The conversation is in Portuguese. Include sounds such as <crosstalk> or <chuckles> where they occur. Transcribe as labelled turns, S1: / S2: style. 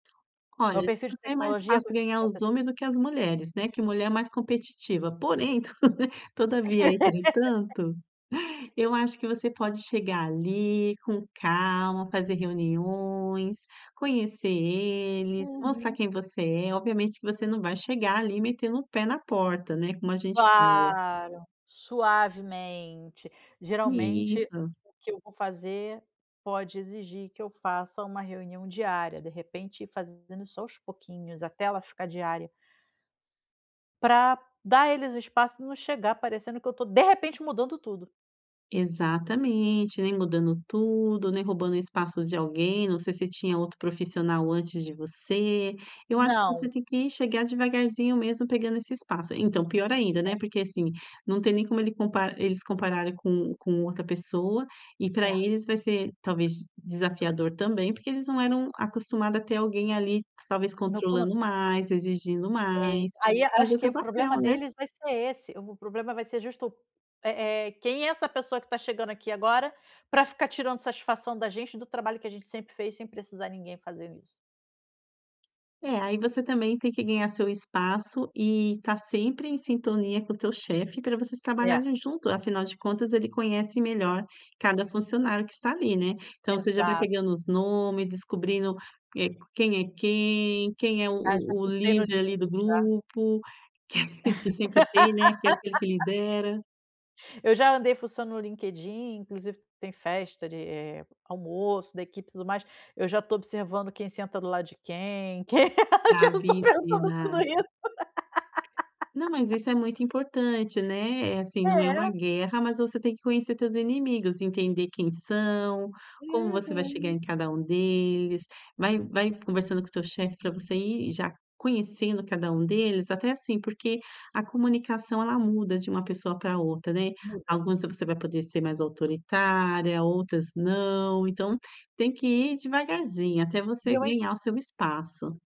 S1: Olha,
S2: No perfil de
S1: é <unintelligible>
S2: tecnologia
S1: fácil ganhar os homem
S2: <unintelligible>
S1: do que as mulheres, né, que mulher é mais competitiva. Porém, <chuckles> todavia,
S2: <laughs>
S1: entretanto, eu acho que você pode chegar ali com calma, fazer reuniões, conhecer eles, mostrar
S2: Uhum.
S1: quem você é. Obviamente, que você não vai chegar ali metendo o pé na porta, né, como a gente fala.
S2: Claro, suavemente. Geralmente
S1: Isso.
S2: o que eu vou fazer pode exigir que eu faça uma reunião diária, de repente ir fazendo aos pouquinhos até ela ficar diária. Pra dar a eles o espaço e não chegar parecendo que eu estou de repente mudando tudo.
S1: Exatamente, nem mudando tudo, nem roubando espaço de alguém, não sei se tinha outro profissional antes de você. Eu acho que você
S2: Não.
S1: tem que chegar devagarzinho mesmo, pegando esse espaço então, pior ainda, né, porque, assim, não tem nem como ele comp eles compararem com com outra pessoa, e pra
S2: É.
S1: eles vai ser talvez desafiador também, porque eles não eram acostumado a ter alguém ali talvez
S2: <unintelligible>
S1: controlando mais, exigindo
S2: É isso.
S1: mais.
S2: Ai,
S1: Mas é
S2: acho
S1: o
S2: que
S1: teu
S2: o
S1: papel,
S2: problema
S1: né.
S2: deles vai ser esse, o problema vai ser justo, eh eh: "Quem é essa pessoa que tá chegando aqui agora, pra ficar tirando satisfação da gente, do trabalho que a gente sempre fez, sem precisar ninguém fazendo isso?".
S1: É. Aí você também tem que ganhar seu espaço e estar sempre em sintonia com o teu chefe pra vocês
S2: É.
S1: trabalharem junto. Afinal de contas ele conhece melhor cada funcionário que está ali, né. Então você já vai
S2: Exa
S1: pegando os nome, descobrindo, eh, quem é quem, quem é o
S2: Ah, já
S1: o
S2: fucei no
S1: líder ali do
S2: LinkedIn já.
S1: grupo, <chuckles> que sempre tem, né, que é aquele que
S2: <laughs>
S1: lidera.
S2: Eu já andei fuçando no LinkedIn, inclusive tem festa de, eh, almoço da equipe e tudo mais. Eu já estou observando quem senta do lado de quem, que eu estou pensando
S1: Bravíssima.
S2: tudo isso.
S1: Não, mas
S2: <laughs>
S1: isso é muito importante, né. Eh, assim, não é uma
S2: É.
S1: guerra, mas você tem que conhecer teus inimigos, entender quem são, como você vai chegar
S2: Uhum.
S1: em cada um deles. Vai vai conversando com o teu chefe para você ir já conhecendo cada um deles, até, assim, porque a comunicação, ela muda de uma pessoa para outra, né.
S2: Muda.
S1: Algumas você vai poder ser mais autoritária, outras não. Então tem que ir devagarzinho até
S2: E
S1: você
S2: eu ain
S1: ganhar o seu espaço.